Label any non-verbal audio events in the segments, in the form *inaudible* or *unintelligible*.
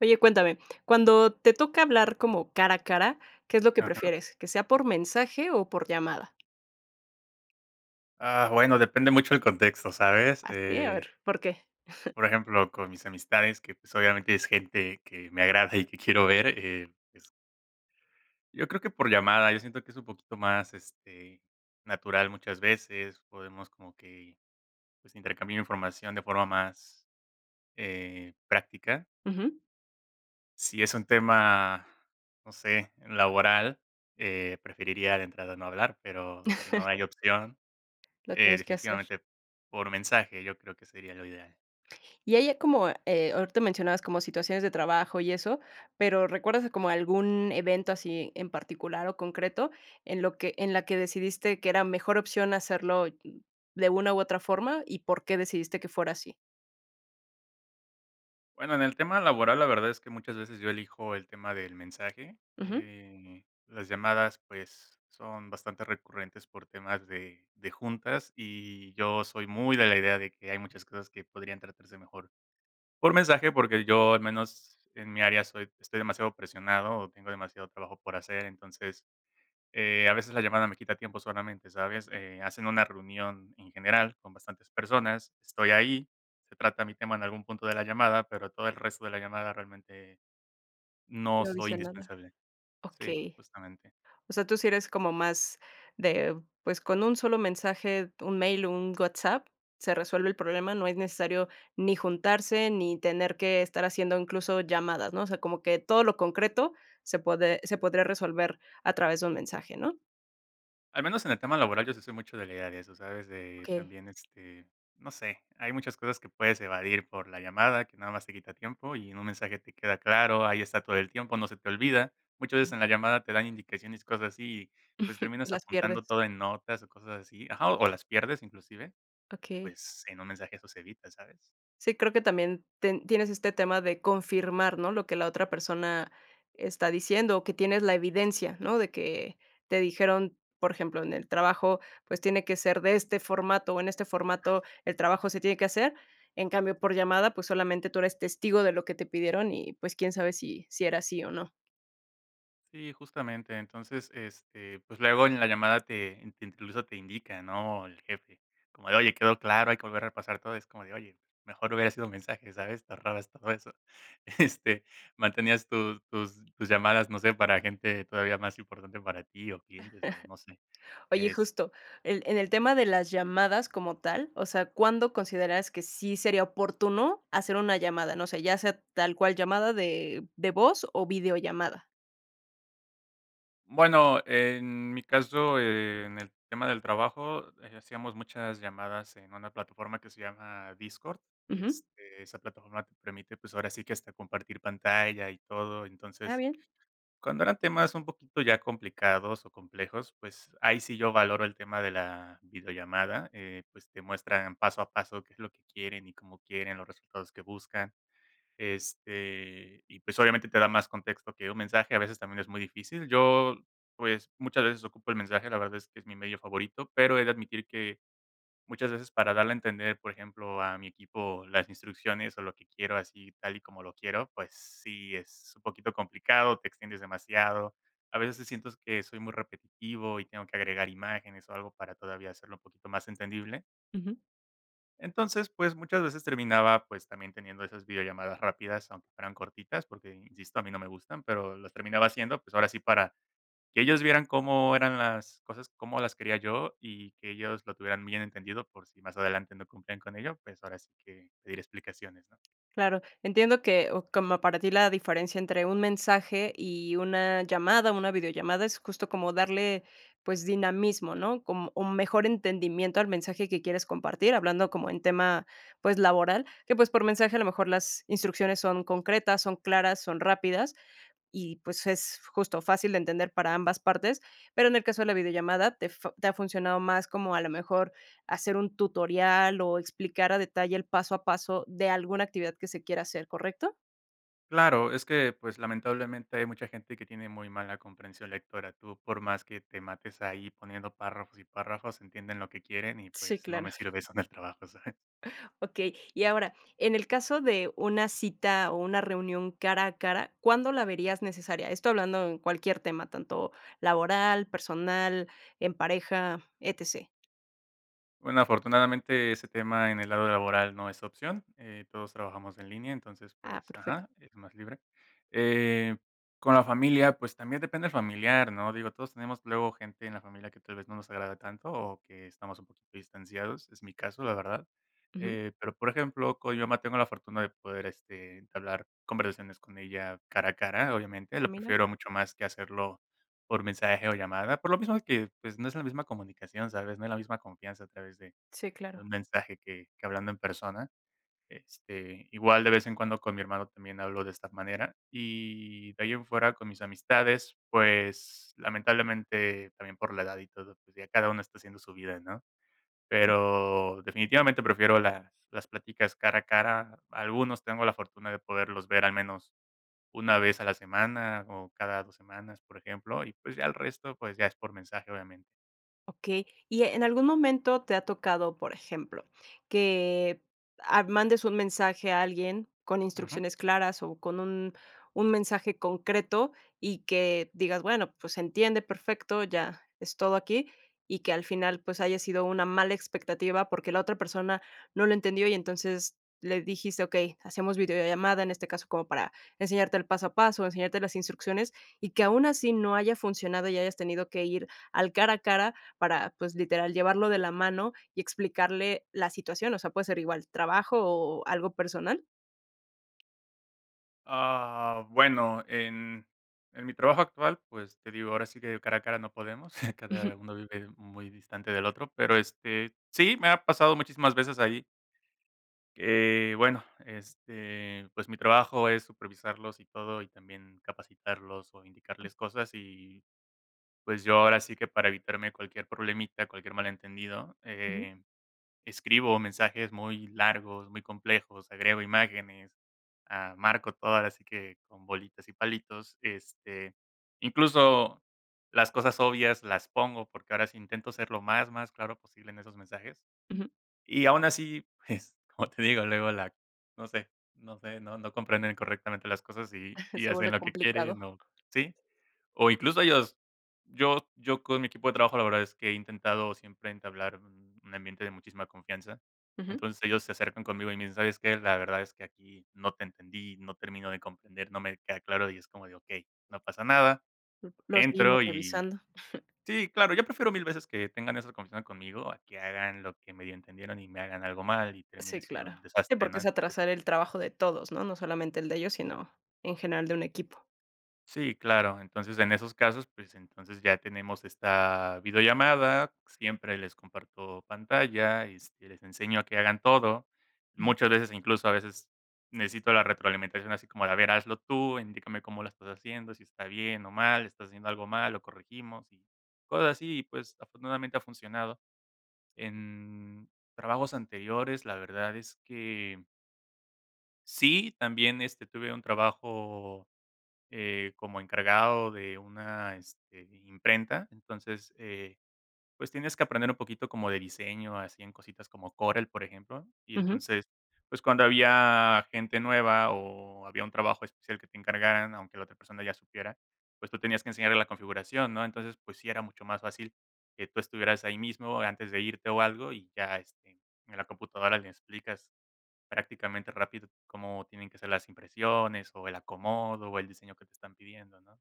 Oye, cuéntame, cuando te toca hablar como cara a cara, ¿qué es lo que Ajá. prefieres, que sea por mensaje o por llamada? Ah, bueno, depende mucho el contexto, ¿sabes? ¿Ah, sí? A Eh ver, ¿por qué? por *giggles* ejemplo, con mis amistades que, pues, obviamente, es gente que me agrada *giggles* y que quiero ver, eh, pues Yo creo que por llamada, yo siento que es un poquito más, este, natural muchas veces, podemos como que, pues, intercambiar información de forma más, eh, práctica. Ujú. Si es un tema, no sé, laboral, eh, preferiría de entrada no hablar, pero si no hay opción, *chuckles* Lo eh, tienes que hacer. definitivamente por mensaje yo creo que sería lo ideal. Y ahí ya como, eh, ahorita mencionabas como situaciones de trabajo y eso, pero, ¿recuerdas como algún evento así en particular o concreto en lo que en la que decidiste que era mejor opción hacerlo, mm, de una u otra forma, y por qué decidiste que fuera así? Bueno, en el tema laboral, la verdad es que muchas veces yo elijo el tema del mensaje, Ujú. eh, las llamadas, pues, son bastante recurrentes por temas de de juntas y yo soy muy de la idea de que hay muchas cosas que podrían tratarse mejor por mensaje, porque yo al menos en mi área soy estoy demasiado presionado o tengo demasiado trabajo por hacer, entonces, eh, a veces la llamada me quita tiempo solamente, ¿sabes? Eh, hacen una reunión en general con bastantes personas, estoy ahí, se trata mi tema en algún punto de la llamada, pero todo el resto de la llamada realmente no No soy dice nada. indispensable. Sí, Okey. justamente. O sea, tú sí eres como más de, pues, con 1 solo mensaje, 1 mail o 1 WhatsApp, se resuelve el problema, no es necesario ni juntarse, ni tener que estar haciendo incluso llamadas, ¿no? O sea, como que todo lo concreto se pode se podría resolver a través de un mensaje, ¿no? Al menos en el tema laboral, yo sí soy mucho de la idea de eso, ¿sabes? De Okey. también, este, no sé, hay muchas cosas que puedes evadir por la llamada que nada más te quita tiempo y en un mensaje te queda claro, ahí está todo el tiempo, no se te olvida. Muchas veces en la llamada te dan indicaciones, cosas así pues *laughs* terminas Las apuntando pierdes. todo en notas o cosas así ajá o las pierdes inclusive y, Okey. pues, en un mensaje eso se evita, ¿sabes? Sí, creo que también ten tienes este tema de confirmar, ¿no?, lo que la otra persona está diciendo. O que tienes la evidencia, ¿no? De que te dijeron, por ejemplo, en el trabajo, pues: "Tiene que ser de este formato o en este formato, el trabajo se tiene que hacer". En cambio, por llamada, pues, solamente tú eres testigo de lo que te pidieron y, pues, quién sabe si sí era así o no. Sí, justamente, entonces, este, pues luego en la llamada te te incluso te indica, ¿no? El jefe, como de: "Oye, ¿quedó claro? Hay que volver a repasar todo". Es como de: "Oye, pues mejor hubiera sido un mensaje", ¿sabes? Te ahorrabas todo eso. Este mantenías tus tus tus llamadas, no sé, para gente todavía más importante para ti, o clientes, o no sé *chuckles* Oye, es justo, el en el tema de las llamadas como tal, o sea, ¿cuándo consideras que sí sería oportuno hacer una llamada? No sé, ya sea tal cual llamada de de voz o videollamada. Bueno, en mi caso, en el tema del trabajo, eh, hacíamos muchas llamadas en una plataforma que se llama Discord. Ujú. Este, esa plataforma te permite, pues ahora sí que hasta compartir pantalla y todo. Ah, Entonces, bien. cuando eran temas un poquito ya complicados o complejos, pues ahí sí yo valoro el tema de la videollamada, eh, pues te muestran paso a paso qué es lo que quieren y cómo quieren los resultados que buscan. Este, y pues obviamente te da más contexto que un mensaje, a veces también es muy difícil. Yo, pues, muchas veces ocupo el mensaje. La verdad es que es mi medio favorito, pero he de admitir que, muchas veces, para darle a entender, por ejemplo, a mi equipo las instrucciones o lo que quiero así tal y como lo quiero, pues sí es un poquito complicado, te extiendes demasiado, a veces se siento que soy muy repetitivo y tengo que agregar imágenes o algo para todavía hacerlo un poquito más entendible. Ujú. Entonces, pues muchas veces terminaba, pues también teniendo esas videollamadas rápidas aunque fueran cortitas porque, insisto, a mí no me gustan, pero los terminaba haciendo, pues ahora sí para que ellos vieran cómo eran las cosas. Cómo las quería yo y que ellos lo tuvieran muy bien entendido por si más adelante no cumplían con ello, pues ahora sí que, pedir explicaciones, ¿no? Claro, entiendo que, o como para ti, la diferencia entre un mensaje y una llamada, una videollamada es justo como darle, pues, dinamismo, ¿no? Como un mejor entendimiento al mensaje que quieres compartir, hablando como en tema, pues, laboral, que, pues, por mensaje a lo mejor las instrucciones son concretas, son claras, son rápidas, y, pues, es justo fácil de entender para ambas partes, pero en el caso de la videollamada, te fu te ha funcionado más como a lo mejor hacer un tutorial o explicar a detalle el paso a paso de alguna actividad que se quiera hacer, ¿correcto? Claro, es que, pues, lamentablemente, hay mucha gente que tiene muy mala comprensión lectora. Tú por más que te mates ahí poniendo párrafos y párrafos entienden lo que quieren y Sí, pues no claro. me sirve eso en el trabajo, ¿sabes? Okey, y ahora, en el caso de una cita o una reunión cara a cara, ¿cuándo la verías necesaria? Esto hablando en cualquier tema, tanto laboral, personal, en pareja, Etc. Bueno, afortunadamente ese tema en el lado laboral no es opción. Eh, todos trabajamos en línea, entonces, Ah, pues perfecto. ajá, es más libre. Eh. Con la familia, pues, también depende el familiar, ¿no? Digo, todos tenemos luego gente en la familia que tal vez no nos agrada tanto o que estamos un poquito distanciados, es mi caso la verdad. Ujú. Eh, pero por ejemplo con mi mamá, tengo la fortuna de poder, este, entablar conversaciones con ella cara a cara obviamente, Ah, lo mira. prefiero mucho más que hacerlo por mensaje o llamada, por lo mismo que, pues no es la misma comunicación ¿sabes?, no es la misma confianza a través de Sí, de claro. un mensaje que que hablando en persona, este, igual de vez en cuando con mi hermano también hablo de esta manera. Y de ahí en fuera con mis amistades pues lamentablemente también por la edad y todo, pues ya cada uno está haciendo su vida ¿no? Pero, definitivamente prefiero las las pláticas cara a cara, algunos tengo la fortuna de poderlos ver al menos una vez a la semana o cada 2 semanas, por ejemplo, y pues ya el resto pues ya es por mensaje obviamente. Okey, y en algún momento te ha tocado, por ejemplo, que, ah, mandes un mensaje a alguien con Ujú. instrucciones claras o con un un mensaje concreto, y que digas: "Bueno, pues se entiende perfecto, ya es todo aquí", y que al final, pues haya sido una mala expectativa, porque la otra persona no lo entendió y entonces le dijiste: "Okey, hacemos videollamada, en este caso, como para enseñarte el paso a paso, enseñarte las instrucciones", y que aun así no haya funcionado y hayas tenido que ir al cara a cara para, pues, literal, llevarlo de la mano y explicarle la situación. O sea, puede ser igual, trabajo ¿o algo personal? Ah, bueno, en, en mi trabajo actual, pues, te digo, ahora sí que de cara a cara no podemos, *chuckles* cada Ujú. uno vive muy distante del otro, pero, este, sí, me ha pasado muchísimas veces ahí. Eh, bueno, este, pues mi trabajo es supervisarlos y todo y también capacitarlos o indicarles cosas y, pues yo ahora sí que para evitarme cualquier problemita, cualquier malentendido, Ujú. eh, escribo mensajes muy largos, muy complejos, agrego imágenes. Ah, marco todo ahora sí que con bolitas y palitos. Este, incluso las cosas obvias las pongo porque ahora sí intento ser lo más, más claro posible en esos mensajes. Ujú. Y aun así pues como te digo luego la no sé no sé, no no comprenden correctamente las cosas y *chuckles* y Se hacen vuelve lo que complicado. quieren o, ¿sí? O incluso ellos, yo yo con mi equipo de trabajo la verdad es que he intentado siempre entablar un ambiente de muchísima confianza, Ujú. entonces ellos se acercan conmigo y me dicen: "¿Sabes qué? La verdad es que aquí no te entendí. No termino de comprender. No me queda claro". Y es como de: "Okey, no pasa nada", *unintelligible* Lo seguimos entro y revisando. *chuckles* sí claro yo prefiero mil veces que tengan esa confianza conmigo a que hagan lo que medio entendieron y me hagan algo mal y Sí, termine siendo claro. un Sí, desastre, porque ¿no? es Entonces atrasar el trabajo de todos, ¿no? No solamente el de ellos, sino en general de un equipo. Sí, claro. Entonces en esos casos, pues entonces ya tenemos esta videollamada. Siempre les comparto pantalla y este, les enseño a que hagan todo. Ujú. Muchas veces, incluso a veces necesito la retroalimentación así como de: "A ver, hazlo tú e indícame cómo lo estás haciendo. Si estás bien o mal. Si estás haciendo algo mal, lo corregimos", y cosas así, y pues, afortunadamente ha funcionado. En trabajos anteriores, la verdad es que sí, también, este, tuve un trabajo, eh, como encargado de una, este, imprenta, entonces, eh, pues tienes que aprender un poquito como de diseño, así en cositas como Corel, por ejemplo, y Ujú. entonces, pues cuando había gente nueva o había un trabajo especial que te encargaran, aunque la otra persona ya supiera, pues tú tenías que enseñarle la configuración, ¿no? Entonces, pues sí era mucho más fácil que tú estuvieras ahí mismo antes de irte o algo y ya, este, en la computadora le explicas prácticamente rápido cómo tienen que ser las impresiones o el acomodo o el diseño que te están pidiendo, ¿no?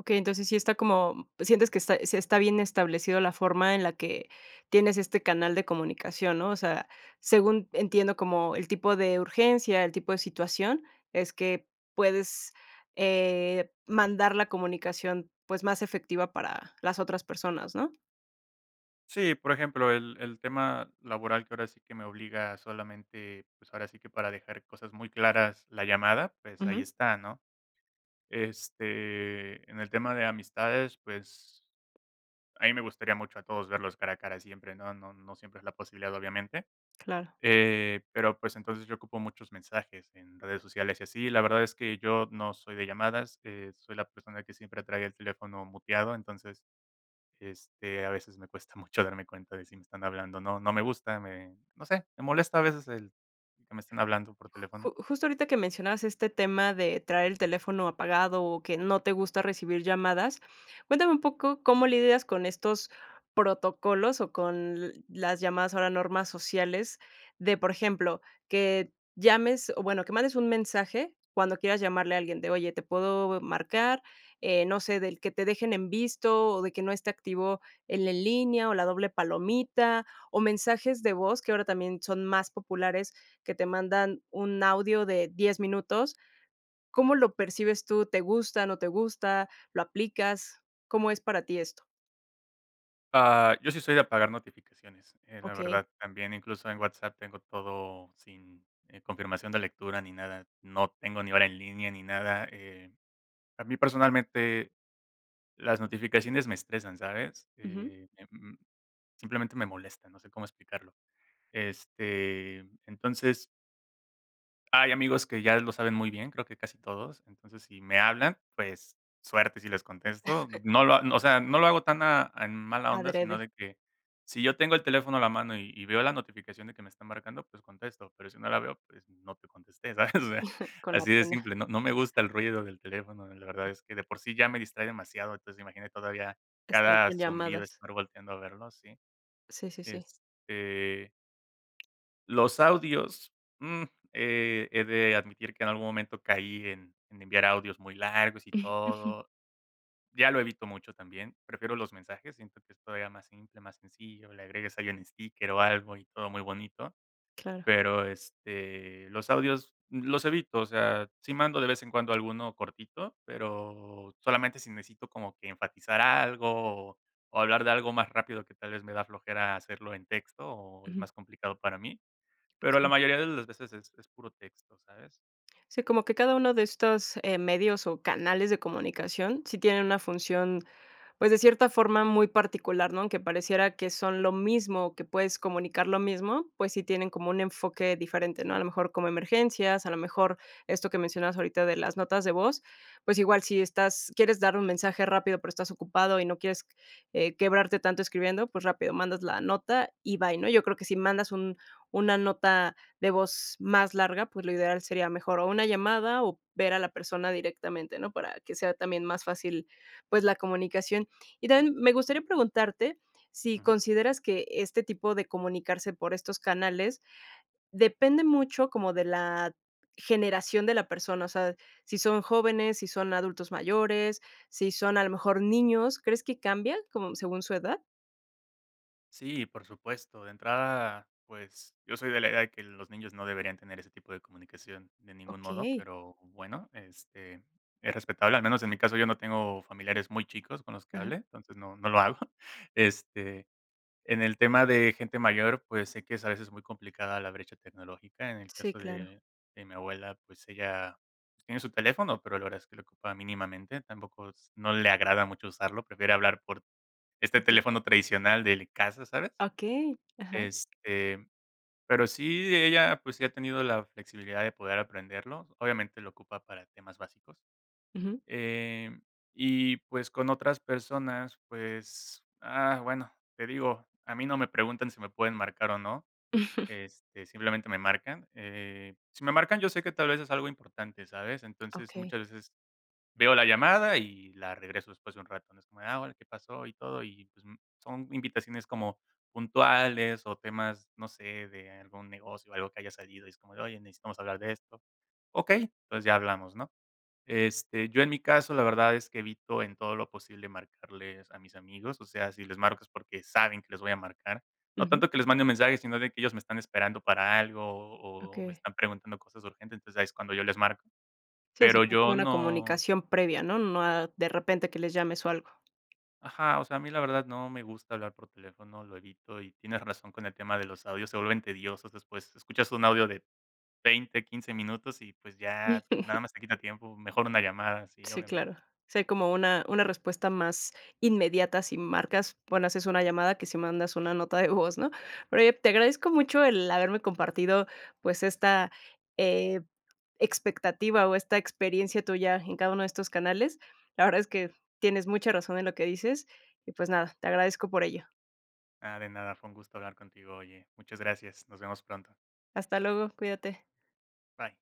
Okey, entonces, sí está como, sientes que está sí está bien establecido la forma en la que tienes este canal de comunicación, ¿no?, o sea, según entiendo como el tipo de urgencia, el tipo de situación, es que puedes, eh, mandar la comunicación, pues, más efectiva para las otras personas, ¿no? Sí, por ejemplo, el el tema laboral que ahora sí que me obliga solamente, pues ahora sí que para dejar cosas muy claras la llamada, pues ahí Ujú. está, ¿no?, este, en el tema de amistades, pues, a mí me gustaría mucho a todos verlos cara a cara siempre, ¿no?, no no siempre es la posibilidad obviamente, Claro. eh, pero, pues, entonces, yo ocupo muchos mensajes en redes sociales y así, la verdad es que yo no soy de llamadas, eh, soy la persona que siempre trae el teléfono muteado entonces, este, a veces me cuesta mucho darme cuenta de si me están hablando o no, no me gusta, me no sé, me molesta a veces el que me están hablando por teléfono. Ju justo ahorita que mencionabas este tema de traer el teléfono apagado o que no te gusta recibir llamadas, cuéntame un poco cómo lidias con estos protocolos o con las llamadas ahora normas sociales de, por ejemplo, que llames, o bueno, que mandes un mensaje cuando quieras llamarle a alguien de: "Oye, ¿te puedo marcar?", eh, no sé, del que te dejen en visto o de que no esté activo el en línea o la doble palomita, o mensajes de voz que ahora también son más populares, que te mandan un audio de 10 minutos. ¿Cómo lo percibes tú? ¿Te gusta, no te gusta, lo aplicas? ¿Cómo es para ti esto? Ah, yo sí soy de apagar notificaciones, eh, la Okey. verdad, también incluso en WhatsApp tengo todo sin, eh, confirmación de lectura ni nada, no tengo ni hora en línea ni nada, eh, a mí personalmente las notificaciones me estresan, ¿sabes? Ujú. eh, m simplemente me molestan, no sé cómo explicarlo, este, entonces hay amigos que ya lo saben muy bien, creo que casi todos, entonces si me hablan pues suerte si les contesto, *chuckles* no lo o sea, no lo hago tan a en mala onda sino Adrede. de que si yo tengo el teléfono a la mano y y veo la notificación de que me está marcando pues contesto, pero si no la veo pues no te contesté, ¿sabes? o sea, *chuckles* Con la así de pena. simple, no no me gusta el ruido del teléfono, la verdad es que de por sí ya me distrae demasiado, entonces imagínate todavía Estar cada con zumbido llamadas. estar volteando a verlo, sí, Sí, sí, sí. este los audios, mm, he he de admitir que en algún momento caí en en enviar audios muy largos y *chuckles* todo, ya lo evito mucho también, prefiero los mensajes, siento que esto era más simple, más sencillo, le agregas ahí un sticker o algo y todo muy bonito, Claro. pero, este, los audios los evito, o sea, si mando de vez en cuando alguno cortito, pero solamente si necesito como que enfatizar algo, o hablar de algo más rápido que tal vez me da flojera hacerlo en texto, o es Ujú. más complicado para mí, pero la Okey. mayoría de las veces es puro texto, ¿sabes? Sí, como que cada uno de estos, eh, medios o canales de comunicación, sí tienen una función, pues, de cierta forma muy particular, ¿no?, que pareciera que son lo mismo, que puedes comunicar lo mismo, pues, sí tienen como un enfoque diferente, ¿no? A lo mejor como emergencias, a lo mejor esto que mencionabas ahorita de las notas de voz, pues, igual si estás quieres dar un mensaje rápido, pero estás ocupado y no quieres, eh, quebrarte tanto escribiendo, pues, rápido mandas la nota y bye, ¿no? Yo creo que si mandas un una nota de voz más larga, pues, lo ideal sería mejor, o una llamada o ver a la persona directamente, ¿no?, para que sea también más fácil, pues, la comunicación. Y también me gustaría preguntarte si Ujú. consideras que este tipo de comunicarse por estos canales depende mucho como de la generación de la persona, o sea, si son jóvenes, si son adultos mayores, si son a lo mejor niños, ¿crees que cambian como según su edad? Sí, y por supuesto, de entrada, pues, yo soy de la idea de que los niños no deberían tener ese tipo de comunicación de ningún modo, Okey. pero, bueno, este, es respetable al menos en mi caso, yo no tengo familiares muy chicos con los que Ajá. hable, entonces, no, no lo hago. Este, en el tema de gente mayor, pues, sé que es a veces muy complicada la brecha tecnológica, en el Sí, caso claro. de de mi abuela, pues, ella pues tiene su teléfono pero la verdad es que lo ocupa mínimamente, tampoco es no le agrada mucho usarlo, prefiere hablar por este Por tu teléfono tradicional del casa, ¿sabes? Okey. Ajá. Este, pero sí ella, pues, sí ha tenido la flexibilidad de poder aprenderlo, obviamente, lo ocupa para temas básicos, Ujú. eh, y pues con otras personas, pues, ah, bueno, te digo, a mí no me preguntan si me pueden marcar o no, *giggles* este, simplemente, me marcan, eh, si me marcan yo sé que, tal vez, es algo importante, ¿sabes?, entonces, muchas Okey. veces veo la llamada y la regreso después de un rato, ¿no?, es como de: "Ah, hola, ¿qué pasó?", y todo. Y, pues, son invitaciones como puntuales o temas, no sé, de algún negocio o algo que haya salido y es como de: "Oye, necesitamos hablar de esto", okey, pues, ya hablamos ¿no? Este, yo en mi caso, la verdad es que evito en todo lo posible marcarles a mis amigos, o sea, si les marco es porque saben que les voy a marcar, no Ujú. tanto que les mande un mensaje, sino de que ellos me están esperando para algo o o o me Okey. están preguntando cosas urgentes, entonces, ahí es cuando yo les marco. Sí, o sea, Pero que hay como yo una no comunicación previa, ¿no?, no a de repente, que les llames o algo. Ajá, o sea, a mí la verdad, no me gusta hablar por teléfono, lo evito y tienes razón con el tema de los audios, se vuelven tediosos, después escuchas un audio de 20, 15 minutos y, pues, ya nada *giggles* más te quita tiempo, mejor una llamada, sí, Sí, obviamente. claro. Si hay como una una respuesta más inmediata si marcas, bueno, haces una llamada que si mandas una nota de voz, ¿no? Oye, te agradezco mucho el haberme compartido, pues, esta, eh, expectativa o esta experiencia tuya en cada uno de estos canales. La verdad es que tienes mucha razón en lo que dices. Y, pues, nada, te agradezco por ello. Ah, de nada, fue un gusto hablar contigo, oye. Muchas gracias, nos vemos pronto. Hasta luego, cuídate. Bye.